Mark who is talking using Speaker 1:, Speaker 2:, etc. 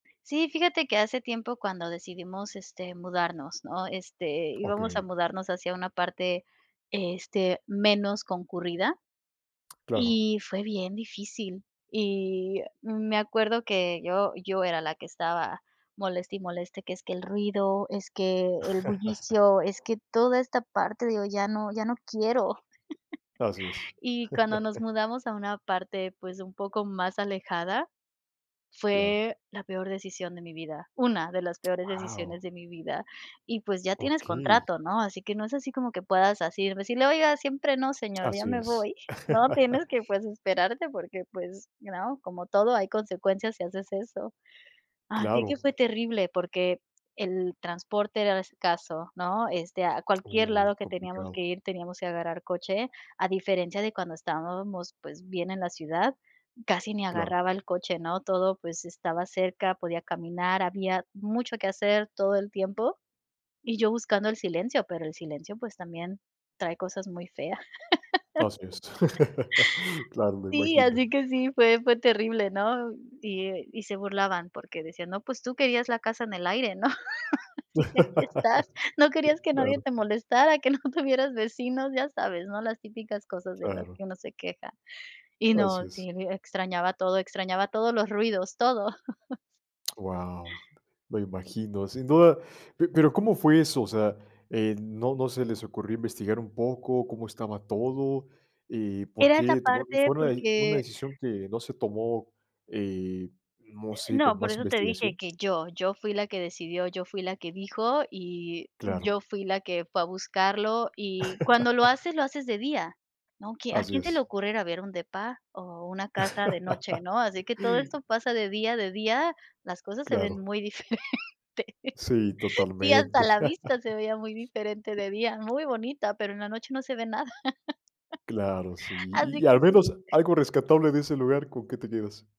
Speaker 1: Sí, fíjate que hace tiempo cuando decidimos, este, mudarnos, ¿no?, este, íbamos a
Speaker 2: Okey.
Speaker 1: mudarnos hacia una parte, este, menos concurrida
Speaker 2: Claro.
Speaker 1: y fue bien difícil. Y, eh, mm, me acuerdo que yo yo era la que estaba moleste y moleste que, es que el ruido, es que el bullicio, es que toda esta parte, digo, ya no ya no quiero.
Speaker 2: Así es.
Speaker 1: Y cuando nos mudamos a una parte pues un poco más alejada,
Speaker 2: Claro.
Speaker 1: fue la peor decisión de mi vida, una de las peores decisiones
Speaker 2: Guau.
Speaker 1: de mi vida. Y, pues, ya tienes
Speaker 2: Okey.
Speaker 1: contrato, ¿no?, así que no es así como que puedas así decirle: "Oiga, siempre no, señor, ya
Speaker 2: Así
Speaker 1: me
Speaker 2: es.
Speaker 1: voy", ¿no? Tienes que, pues, esperarte porque pues, ¿you know?, como todo, hay consecuencias si haces eso. Así que
Speaker 2: Claro.
Speaker 1: fue terrible porque el transporte era escaso, ¿no?, este, a cualquier
Speaker 2: Uy,
Speaker 1: lado que teníamos que
Speaker 2: complicado.
Speaker 1: ir teníamos que agarrar coche, a diferencia de cuando estábamos, pues, bien en la ciudad, casi ni
Speaker 2: Claro.
Speaker 1: agarraba el coche, ¿no? Todo, pues, estaba cerca, podía caminar, había mucho que hacer todo el tiempo. Y yo buscando el silencio, pero el silencio, pues, también trae cosas muy fea.
Speaker 2: Así es. Claro, me
Speaker 1: Sí,
Speaker 2: imagino.
Speaker 1: así que sí, fue fue terrible, ¿no? Y, eh, y se burlaban porque decían: "No, pues tú querías la casa en el aire, ¿no?", así que aquí estás, no querías que nadie
Speaker 2: Claro.
Speaker 1: te molestara, que no tuvieras vecinos, ya sabes, ¿no?, las típicas cosas de las
Speaker 2: Claro.
Speaker 1: que uno se queja. Y
Speaker 2: Así
Speaker 1: no,
Speaker 2: es.
Speaker 1: sí, e extrañaba todo, extrañaba todos los ruidos, todo.
Speaker 2: Guau, me imagino. Sin duda, pe pero ¿cómo fue eso, o sea, eh, no no se les ocurrió investigar un poco cómo estaba todo, eh, por
Speaker 1: Era esa
Speaker 2: qué tomar
Speaker 1: parte
Speaker 2: fue una de una
Speaker 1: porque
Speaker 2: decisión que no se tomó, eh, no
Speaker 1: Eh,
Speaker 2: sé, con
Speaker 1: no, por
Speaker 2: más
Speaker 1: eso te dije
Speaker 2: investigación?
Speaker 1: que yo, yo fui la que decidió, yo fui la que dijo y
Speaker 2: Claro.
Speaker 1: yo fui la que fue a buscarlo, y cuando lo haces, lo haces de día, ¿no? Que ¿A
Speaker 2: Así
Speaker 1: quién se le
Speaker 2: es.
Speaker 1: ocurre ir a ver un depa o una casa de noche, no? Así que todo esto pasa de día, de día las cosas se ven
Speaker 2: Claro.
Speaker 1: muy diferente.
Speaker 2: Sí,
Speaker 1: Sí, hasta
Speaker 2: totalmente.
Speaker 1: la vista se veía muy diferente de día, muy bonita, pero en la noche no se ve nada.
Speaker 2: Claro, sí, ¿y
Speaker 1: Así
Speaker 2: y
Speaker 1: que
Speaker 2: al
Speaker 1: sí.
Speaker 2: menos algo rescatable de ese lugar? ¿Con qué te quedas?